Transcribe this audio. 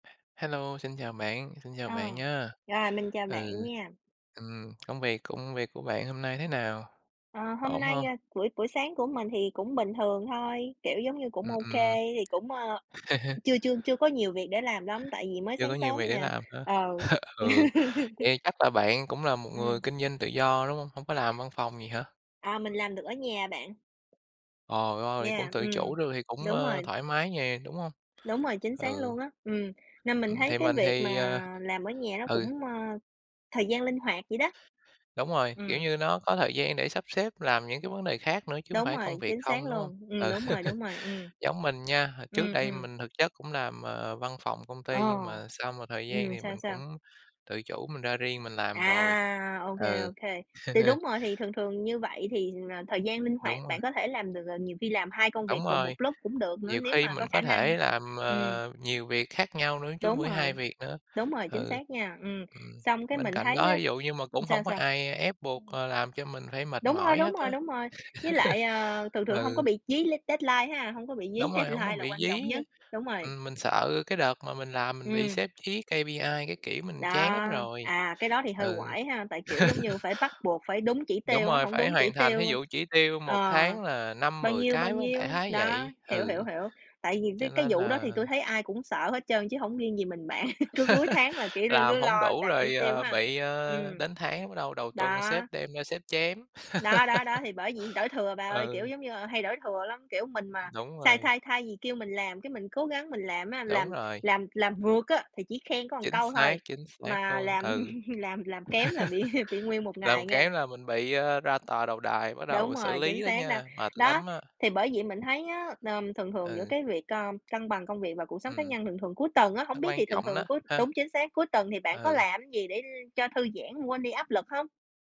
Hello, xin chào bạn, xin chào À. bạn nha. Rồi, mình chào bạn Ừ. nha. Ừm, công việc, công việc của bạn hôm nay thế nào? À, hôm Ổn nay, hông? a, buổi buổi sáng của mình thì cũng bình thường thôi, kiểu giống như, cũng Ừm, ô ừm. kê, thì cũng, a, chưa chưa chưa có nhiều việc để làm lắm tại vì mới Chưa có sáng nhiều sớm việc để nè, làm hả? ờ. Ừ, vậy chắc là bạn cũng là một người Ừm. kinh doanh tự do, đúng hông? Hông có làm văn phòng gì hả? À, mình làm được ở nhà bạn. Ồ, ôi, cũng Yeah, tự ừm. chủ được thì cũng, Đúng à, rồi. thoải mái nè, đúng hông? Đúng rồi, chính xác Ừ. luôn á. Ừm, nên mình Ừm, thấy thì cái mình việc mà thì à làm ở nhà nó ừ. cũng, a, thời gian linh hoạt vậy đó. Đúng rồi, kiểu Ừm. như, nó có thời gian để sắp xếp làm những cái vấn đề khác nữa chứ hông Đúng phải công rồi, việc chính xác không, đúng hông? luôn, ừm, Ừ. đúng rồi, đúng rồi, ừm. Giống mình nha, hồi trước Ừm, đây ừm. mình thực chất cũng làm, à, văn phòng công ty nhưng Ồ. mà sau một thời gian Ừm, thì sao, mình sao? cũng tự chủ mình ra riêng mình làm rồi. À, ô kê, Ừ. ô kê. Thì đúng rồi, thì thường thường như vậy thì là thời gian linh hoạt, Đúng rồi. bạn có thể làm được à, nhiều khi làm 2 công Đúng việc cùng một rồi. lúc cũng được nữa, Nhiều nếu khi mà mình có khả có năng, thể làm, ừm. à, nhiều việc khác nhau nữa, chứ hông Đúng phải 2 rồi. việc nữa, Đúng rồi, chính ừ. xác nha, ừm, Ừm, xong cái bên mình cạnh thấy đó, á thí dụ như mà cũng hổng sao, có sao? ai ép buộc, Ừm. à, làm cho mình phải mệt Đúng rồi, mỏi đúng hết á. rồi, đúng rồi. Với lại, à, thường thường hông có Ừ. bị dí lét deadline ha, hông có bị dí Đúng rồi, hổng deadline muốn là bị quan dí trọng nhất á. đúng rồi. Ừm, mình sợ cái đợt mà mình làm mình bị Ừm. sếp dí KPI các kiểu, mình Đó, chán lắm rồi, à, cái đó thì hơi ừ. oải ha, tại kiểu giống như phải bắt buộc, phải đúng chỉ Đúng tiêu á, rồi, hổng phải đúng chỉ hoàn thành, thí tiêu dụ chỉ tiêu một ờ, tháng là năm bao mười nhiêu, cái, bao phải hông? nhiêu, Đại khái đó, vậy, hiểu, ừ. hiểu, hiểu. Tại vì Cho mấy cái nên vụ đó thì là tui thấy ai cũng sợ hết trơn chứ hổng riêng gì mình bạn, cứ cuối tháng là kiểu l làm cứ hổng lo đủ đạt chỉ rồi, tiêu ờ, ha, bị, ừm. ờ, đến tháng đầu đầu tuần sếp Đó. đem ra sếp chém. Đó, đó, đó, thì bởi vậy, đổ thừa bà ơi, kiểu Ừ. giống như, à, hay đổ thừa lắm. Kiểu, mình mà Đúng sai rồi. thay thay gì, kêu mình làm, cái mình cố gắng mình làm á, Đúng làm rồi. làm làm vượt á, thì chỉ khen có một Chính câu xác, thôi, chính xác mà luôn, ừ. làm làm làm kém là bị bị nguyên một Làm ngày nghe. kém là mình bị, a, ra tòa đầu đài, bắt Đúng đầu xử rồi, lý chính đó xác đó. nha, mệt Đó, lắm á. thì bởi vậy mình thấy á, ờm, thường thường giữa Ừ. cái việc, a, cân bằng công việc và cuộc sống cá Ừm. nhân, thường thường cuối tuần á, Nó hổng biết quan thì thường trọng thường đó, cuối ha? đúng, chính xác, cuối tuần thì bạn có Ừ. làm gì để, ơ, cho thư giãn, quên đi áp lực hông?